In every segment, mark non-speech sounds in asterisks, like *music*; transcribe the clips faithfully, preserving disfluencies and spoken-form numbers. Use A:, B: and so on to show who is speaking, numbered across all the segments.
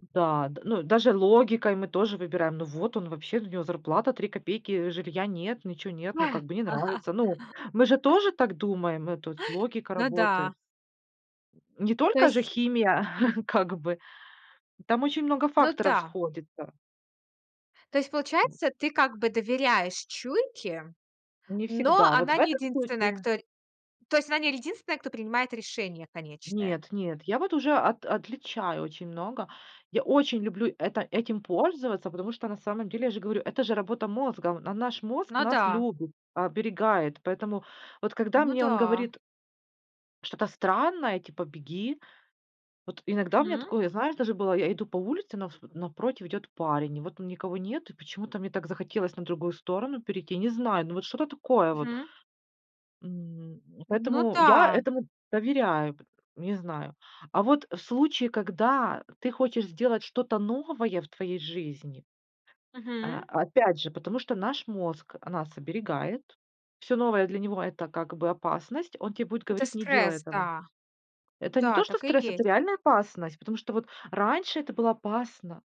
A: Да, д ну даже логикой мы тоже выбираем, ну вот он вообще, ну, у него зарплата три копейки, жилья нет, ничего нет, ну как бы не нравится. Ну мы же тоже
B: *laughs*
A: так думаем, э, тут логика
B: Ну
A: работает.
B: да.
A: Не
B: То
A: только же
B: есть
A: химия *chuckles* как бы там очень много
B: Ну
A: факторов
B: да.
A: сходится.
B: То есть получается, ты как бы доверяешь чуйке,
A: Не
B: но
A: всегда. Вот в
B: она не
A: этом
B: единственная,
A: случае
B: кто рь то есть она не единственная, кто принимает решение конечное.
A: Нет, нет, я вот уже от отличаю очень много. Я очень люблю это этим пользоваться, потому что, на самом деле, я же говорю, это же работа мозга. На наш мозг
B: Ну
A: нас
B: да.
A: любит, оберегает. Поэтому, вот когда
B: Ну
A: мне он
B: да.
A: говорит что-то странное, типа "беги". Вот иногда у меня
B: Мгм.
A: такое, знаешь, даже было: я иду по улице, навс напротив идет парень, и вот там никого нет. И почему-то мне так захотелось на другую сторону перейти, не знаю, ну вот что-то такое вот.
B: Мгм.
A: М.
B: Ну
A: Поэтому я
B: да.
A: этому доверяю, пот не знаю. А вот в случае, когда ты хочешь сделать что-то новое в твоей жизни. А,
B: Мгм.
A: опять же, потому что наш мозг нас оберегает, всё новое для него это как бы опасность, он те будет
B: Это
A: говорить: не делай
B: стресс,
A: этого.
B: да.
A: Это не
B: Да,
A: то, что
B: так и
A: стресс, это
B: есть.
A: реальная опасность, потому что вот раньше это было опасно.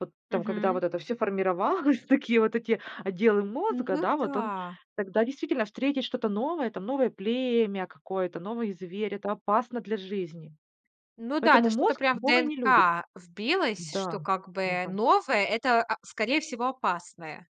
A: Вот там когда
B: Мгм.
A: вот это всё формировалось, такие вот эти отделы
B: Ну
A: мозга, да, вот он
B: да.
A: тогда действительно встретить что-то новое там, новое племя какое-то, новый зверь- это опасно для жизни.
B: Ну да,
A: Поэтому
B: это что-то
A: мозг
B: прям в
A: новое не любит.
B: ДНК вбилось, что
A: Да.
B: как
A: Не
B: бы
A: пань
B: новое- это, а, скорее всего, опасное.